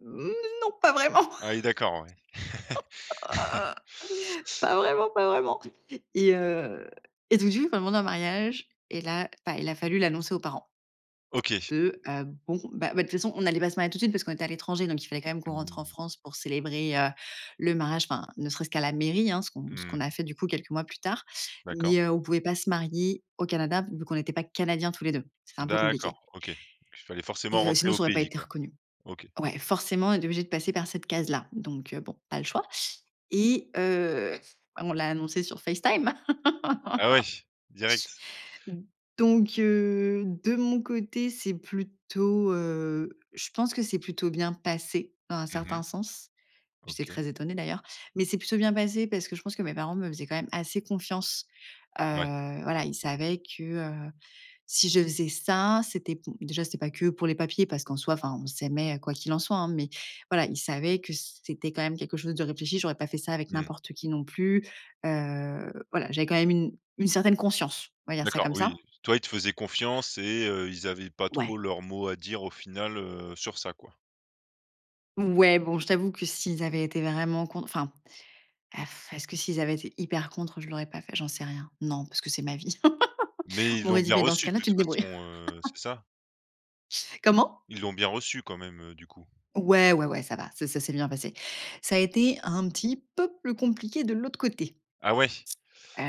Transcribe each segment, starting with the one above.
N non, pas vraiment. Ah, oui, d'accord, ouais. Pas vraiment, pas vraiment et heu et du jour il m'a demandé en mariage et là, bah, il a fallu l'annoncer aux parents. OK. De, hem, bon, ben ben, de toute façon, on allait pas se marier tout de suite parce qu'on était à l'étranger donc il fallait, quand même, qu'on rentre en Mmh. France pour célébrer, heu, le mariage, enfin, ne serait-ce qu'à la mairie, hein, ce qu'on ce qu'on Mmh. a fait, du coup, quelques mois plus tard. D'accord. Mais heu, on pouvait pas se marier au Canada vu qu'on n'était pas canadiens tous les 2. C'était un peu compliqué D'accord. OK, il fallait et forcément heu rentrer sinon, au ça aurait pas pays, été quoi? reconnu. OK. Ouais, forcément, on était obligés de passer par cette case-là. Donc heu, bon, pas le choix et heu, on l'a annoncé sur FaceTime Ah, ouais? Direct? donc heu, de mon côté, c'est plutôt, heu, je pense que c'est plutôt bien passé, dans un Mmh certain mh. sens. J'étais OK. très étonnée, d'ailleurs. Mais c'est plutôt bien passé parce que je pense que mes parents me faisaient, quand même, assez confiance. Heu, Ouais. voilà, ils savaient que, heu, si je faisais ça, c'était b déjà, c'était pas que pour les papiers parce qu'en soi, enfin, on s'aimait, quoi qu'il en soit, hein. Mais voilà, ils savaient que c c'était, quand même, quelque chose de réfléchi. J'aurais pas fait ça avec Mmh. n'importe qui, non plus, heu, voilà, j'avais, quand même, une une certaine conscience, on va dire ça D'accord, comme oui, ça. toi, ils te faisaient confiance et heu, ils avaient pas trop Ouais. leur mot à dire, au final, heu, sur ça, quoi. Ouais, bon, je t'avoue que s'ils avaient été vraiment cont enfin et est-ce que s'ils avaient été hyper contre, je l'aurais pas fait? J'en sais rien. Non, parce que c'est ma vie. Mais On ils l'ont m'aurait dit: bien «Beh, dans ce reçu, de cas-là, tu toute te façon, débrouilles». heu, c'est ça? Comment? Ils l'ont bien reçu, quand même, heu, du coup? Ouais, ouais, ouais, ça va. C'est Ça s'est bien passé. Ça a été un petit peu plus compliqué de l'autre côté Ah, ouais? heu,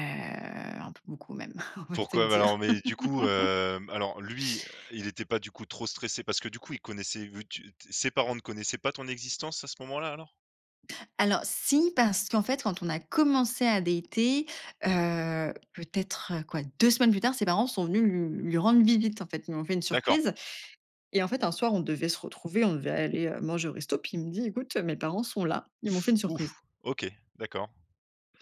un peu beaucoup, même, on va se le Pourquoi? Mais alors dire. mais du coup, hem, alors, lui, heu, il était pas, du coup, trop stressé parce que, du coup, il connaissait, vu que tu t ses parents ne connaissaient pas ton existence, à ce moment-là, alors? Alors si, parce qu'en fait, quand on a commencé à dater, heu, peut-être, heu, quoi, 2 semaines plus tard, ses parents sont venus lui lui rendre visite, en fait, ils lui ont fait une D'accord. surprise et en fait, un soir, on devait se retrouver, on devait aller, heu, manger au resto puis il me dit: «Écoute, heu, mes parents sont là. Ils m'ont fait une Hou! surprise». OK, d'accord.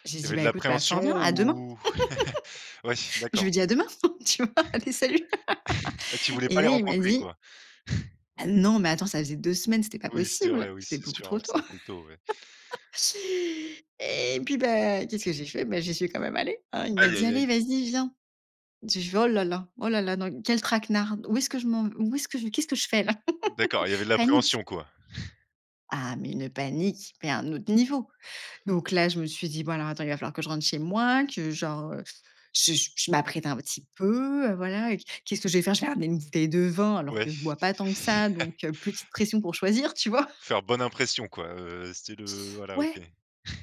J'ai Il y dit: avait de «Ben, écoute, bah, l'appréhension, fort bien, à demain». ou? Ouais, Je lui d'accord. dis: «À demain», tu vois? «Allez, salut» Ah, tu voulais et pas les là il m'a rencontrer, dit quoi? Ah, non mais attends ça faisait 2 semaines. C'était pas Oui, c'est possible, vrai. Oui c'était c'est beaucoup sûr. trop Ouais, tôt! ça fait tôt, ouais. Et puis bah, qu'est-ce que j'ai fait? Beh, j'y suis quand même allée, hein, il m'a Aïe dit: aïe «Allez, aïe! vas-y, viens». Je lui fais: «Oh là là! Oh là là! Dans quel traquenard où est-ce que je m'en où est-ce que je qu'est-ce que je fais là?» D'accord, il y avait de Panique. l'appréhension, quoi. Ah mais une panique mais un autre niveau. Donc là, je me suis dit: «Bon, alors, attends, il va falloir que je rentre chez moi, que genre, heu, je je m'apprête un petit peu, heu, voilà. Qu qu'est-ce que je vais faire?» je vais ramener une bouteille de vin alors Ouais. que je bois pas tant que ça, donc heu, petite pression pour choisir, tu vois? Faire bonne impression, quoi, heu, c'est le voilà. OK. Ouais.